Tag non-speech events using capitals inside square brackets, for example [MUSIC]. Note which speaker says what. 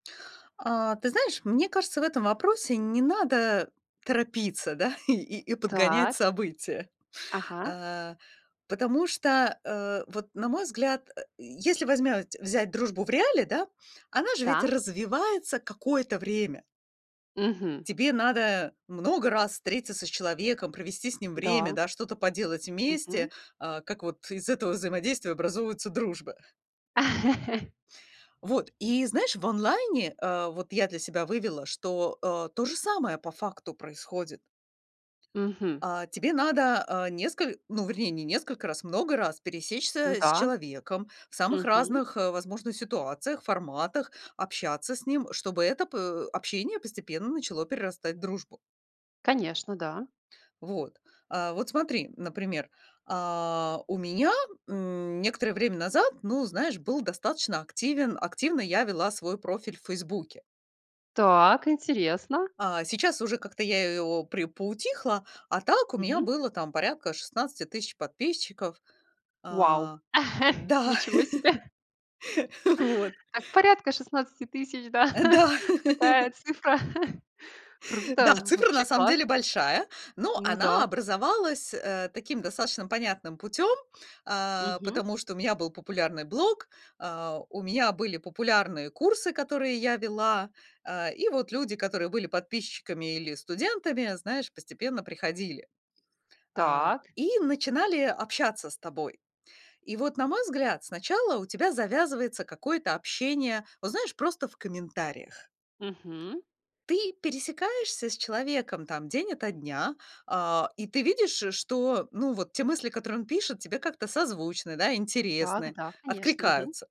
Speaker 1: А, ты знаешь, мне кажется, в этом вопросе не надо торопиться, да и и подгонять
Speaker 2: Так.
Speaker 1: события.
Speaker 2: Ага.
Speaker 1: Э, потому что, э, вот, на мой взгляд, э, если возьмять взять дружбу в реале, да, она же ведь
Speaker 2: Да.
Speaker 1: развивается какое-то время.
Speaker 2: Мгм.
Speaker 1: Тебе надо много раз встретиться с человеком, провести с ним время,
Speaker 2: Да.
Speaker 1: да, что-то поделать
Speaker 2: Мгм.
Speaker 1: вместе, э, как вот из этого взаимодействия образовываются дружбы.
Speaker 2: [LAUGHS]
Speaker 1: Вот и знаешь, в онлайне, э, вот я для себя вывела, что, э, то же самое по факту происходит.
Speaker 2: Мгм.
Speaker 1: Э, тебе надо, э, несколь ну, вернее, не несколько раз, много раз
Speaker 2: Ну
Speaker 1: пересечься с
Speaker 2: да.
Speaker 1: человеком в самых
Speaker 2: Мгм.
Speaker 1: разных, э, возможных ситуациях, форматах, общаться с ним, чтобы это по общение постепенно начало перерастать в дружбу.
Speaker 2: Конечно, да.
Speaker 1: Вот, э, вот смотри, например: а, у меня, м, некоторое время назад, ну, знаешь, был достаточно активен активно я вела свой профиль в "Фейсбуке".
Speaker 2: Так, интересно.
Speaker 1: А, сейчас уже как-то я его при поутихла, а так у меня
Speaker 2: Мгм.
Speaker 1: было там порядка 16 000 подписчиков.
Speaker 2: Вау,
Speaker 1: А,
Speaker 2: [CHUCKLES]
Speaker 1: да.
Speaker 2: ничего себе.
Speaker 1: [LAUGHS] Вот.
Speaker 2: Так, порядка 16 000 да?
Speaker 1: Да.
Speaker 2: [CHUCKLES] Такая
Speaker 1: [CHUCKLES]
Speaker 2: цифра. [CHUCKLES]
Speaker 1: Да,
Speaker 2: Круто!
Speaker 1: цифра
Speaker 2: Вообще
Speaker 1: на самом
Speaker 2: класс!
Speaker 1: деле большая, но
Speaker 2: Ну
Speaker 1: она
Speaker 2: да.
Speaker 1: образовалась, э, таким достаточно понятным путём, э,
Speaker 2: Мгм.
Speaker 1: потому что у меня был популярный блог, а, у меня были популярные курсы, которые я вела, э, и вот люди, которые были подписчиками или студентами, знаешь, постепенно приходили. Э,
Speaker 2: Так.
Speaker 1: и начинали общаться с тобой. И вот, на мой взгляд, сначала у тебя завязывается какое-то общение. Вот, знаешь, просто в комментариях.
Speaker 2: Мгм.
Speaker 1: Ты пересекаешься с человеком там день ото дня, э, и ты видишь, что, ну, вот те мысли, которые он пишет, тебе как-то созвучны, да, интересны,
Speaker 2: Так, да, конечно.
Speaker 1: откликаются.
Speaker 2: Мгм.